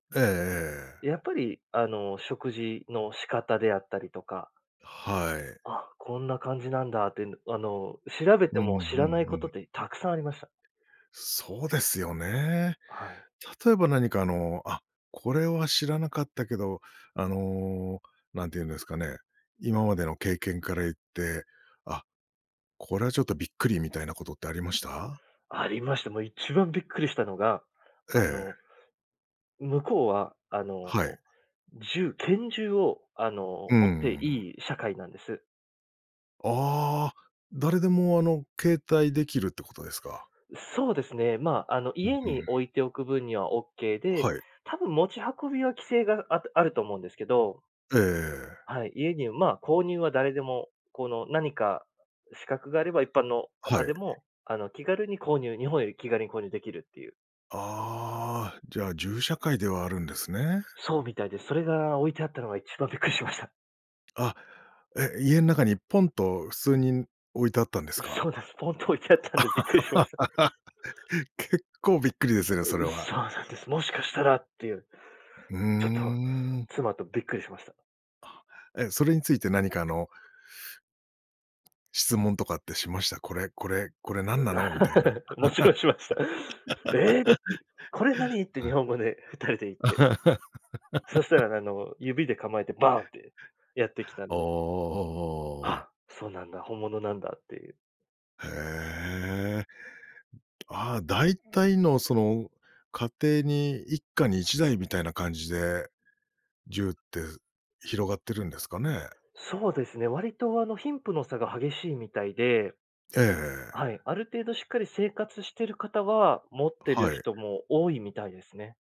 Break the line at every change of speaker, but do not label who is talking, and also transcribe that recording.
ええええ。
やっぱり、あの、食事の仕方であったりとか
はい。
あ、こんな感じなんだってん、どあの、調べて
うん
も
う
知らない
ん
こ
う
とっ
ん。
て沢山ありました。
そうですよね。
はい。
例えば何か、あの、あ、これは知らなかったけど、あの、何て言うんですかね。今までの経験から言って、あ、これはちょっとびっくりみたいなことってありました？
ありました。もう一番びっくりしたのが、
え
あの
え。
向こうは、あの、
はい。
銃拳銃を、あの、
うー
持って
ん。
いい社会なんです。
ああ、誰でも、あの、携帯できるってことですか。
そうですね、ま、あの、
うん
家
う
に
ん。
置いておく分にはオッケーで、
はい。
多分持ち運びは規制が、ああると思うんですけど。
ええ。
はい、家に、ま、購入は誰でも、この何か資格があれば、一般の
は
方
い。
でも、あの、気軽に購入日本より気軽に購入できるっていう。
ああ、じゃあ、銃社会ではあるんですね。
そうみたいです。それが置いてあったのが一番びっくりしました。
あ、え、家ん中にポンと普通にん、置いてあったんですか？
そうなんす。ポンと置いてあったんでびっくりしました。
結構びっくりですね、それ は。
そうなんです。もしかしたらっていう。
うー
ちょっと
ん。
妻とびっくりしました。
あ、え、え、それについて何かあの質問とかってしました？これこれこれ何なの？みたいな。
もちろんしました「え！」て、う「これ何？」っ て、
う
日
ん。
本語で二人で言って。そした ら、あの、指で構えてバーンってやってきたん
おお
で。
おお。
あ、そうなんだ。本物なんだっていう。
へえ。ああ、大体のその家庭に、一家に一台みたいな感じで、銃って広がってるんですかね？
そうですね。割と、あの、貧富の差が激しいみたいで
ええ。
はい。ある程度しっかり生活してる方は、持ってる
はい。
人も多いみたいですね。